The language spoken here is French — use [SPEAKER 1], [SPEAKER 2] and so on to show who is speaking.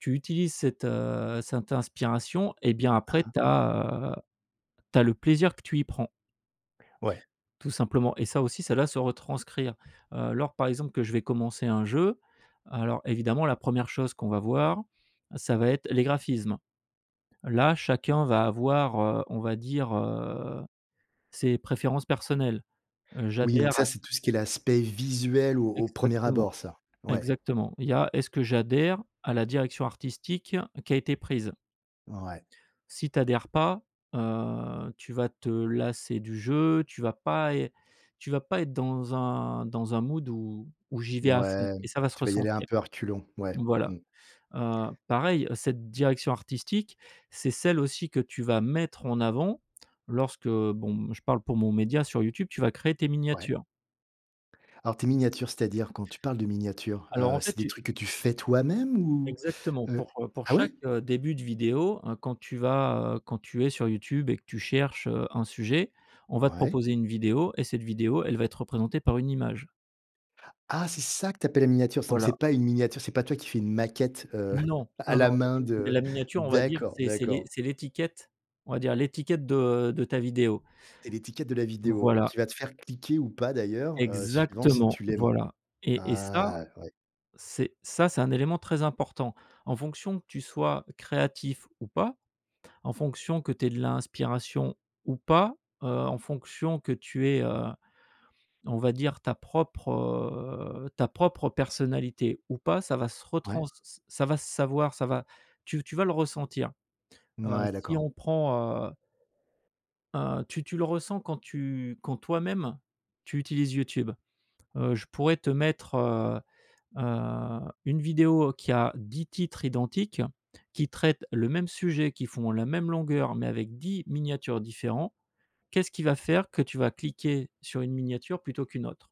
[SPEAKER 1] Tu utilises cette, heu, cette inspiration, et bien
[SPEAKER 2] Hein,
[SPEAKER 1] après
[SPEAKER 2] hein.
[SPEAKER 1] tu as, heu, tu as le plaisir que tu y prends.
[SPEAKER 2] Ouais.
[SPEAKER 1] Tout simplement. Et ça aussi, ça la se retranscrire. Heu, lors, par exemple que je vais commencer un jeu, alors évidemment la 1re chose qu'on va voir, ça va être les graphismes. Là, chacun va avoir, heu, on va dire, heu, ses préférences personnelles. Heu,
[SPEAKER 2] Oui, donc
[SPEAKER 1] j'adhère
[SPEAKER 2] ça,
[SPEAKER 1] à
[SPEAKER 2] c'est tout ce qui est l'aspect visuel au au 1er
[SPEAKER 1] Exactement,
[SPEAKER 2] abord ça, ouais.
[SPEAKER 1] exactement. Il y a, est-ce que j'adhère à la direction artistique qui a été prise?
[SPEAKER 2] Ouais.
[SPEAKER 1] Si tu adhères pas, heu, tu vas te lasser du jeu, tu vas pas ê tu vas pas être dans un dans un mood où où j'y vais à fond
[SPEAKER 2] Mouais,
[SPEAKER 1] et ça va se
[SPEAKER 2] tu vas y aller un
[SPEAKER 1] ressentir.
[SPEAKER 2] peu à reculons, mouais,
[SPEAKER 1] Voilà.
[SPEAKER 2] mmh.
[SPEAKER 1] Heu, pareil cette direction artistique, c'est celle aussi que tu vas mettre en avant lorsque, bon, mmh, je parle pour mon média sur YouTube, tu vas créer tes
[SPEAKER 2] Ouais.
[SPEAKER 1] miniatures.
[SPEAKER 2] Alors tes miniatures, c'est-à-dire quand tu parles de miniatures,
[SPEAKER 1] Alors
[SPEAKER 2] heu,
[SPEAKER 1] en fait
[SPEAKER 2] c'est des
[SPEAKER 1] tu
[SPEAKER 2] trucs que tu fais toi-même? Ou,
[SPEAKER 1] Exactement
[SPEAKER 2] heu
[SPEAKER 1] pour, heu, pour
[SPEAKER 2] ah,
[SPEAKER 1] chaque,
[SPEAKER 2] ouais?
[SPEAKER 1] heu, début de vidéo, hein, quand tu vas, heu, quand tu es sur YouTube et que tu cherches, heu, un sujet, on va te
[SPEAKER 2] Ouais.
[SPEAKER 1] proposer une vidéo et cette vidéo, elle va être représentée par une image.
[SPEAKER 2] Ah, c'est ça que tu appelles les miniatures. Donc c'est
[SPEAKER 1] Voilà.
[SPEAKER 2] pas une miniature, c'est pas toi qui fais une maquette, heu,
[SPEAKER 1] Non.
[SPEAKER 2] à
[SPEAKER 1] Non, non
[SPEAKER 2] la
[SPEAKER 1] il
[SPEAKER 2] main
[SPEAKER 1] y a des de
[SPEAKER 2] de
[SPEAKER 1] la miniature on va dire,
[SPEAKER 2] d'accord,
[SPEAKER 1] c'est c'est l'é
[SPEAKER 2] d'accord.
[SPEAKER 1] c'est l'étiquette, on va dire, l'étiquette de de ta vidéo.
[SPEAKER 2] Et l'étiquette de la
[SPEAKER 1] Mmh,
[SPEAKER 2] vidéo
[SPEAKER 1] voilà.
[SPEAKER 2] qui va te faire cliquer, ou pas d'ailleurs, heu, suivant si
[SPEAKER 1] Exactement,
[SPEAKER 2] tu l'aimes.
[SPEAKER 1] voilà. Et et ça,
[SPEAKER 2] Ah, ouais.
[SPEAKER 1] c'est ça, c'est un élément très important. En fonction que tu sois créatif ou pas, en fonction que tu aies de l'inspiration ou pas, heu, en fonction que tu aies, heu, on va dire, ta propre, heu, ta propre personnalité ou pas, ça va se retrans
[SPEAKER 2] Ouais.
[SPEAKER 1] ç ça va se savoir, ça va tu v tu vas le ressentir. Heu,
[SPEAKER 2] Mouais,
[SPEAKER 1] si
[SPEAKER 2] d'accord.
[SPEAKER 1] on prend, heu Heu, tu tu le ressens quand tu quand toi-même tu utilises YouTube. Heu, je pourrais te mettre, heu heu, une vidéo qui a 10 titres identiques, qui traite le même sujet, qui font la même longueur mais avec 10 miniatures différents. Qu'est-ce qui va faire que tu vas cliquer sur une miniature plutôt qu'une autre?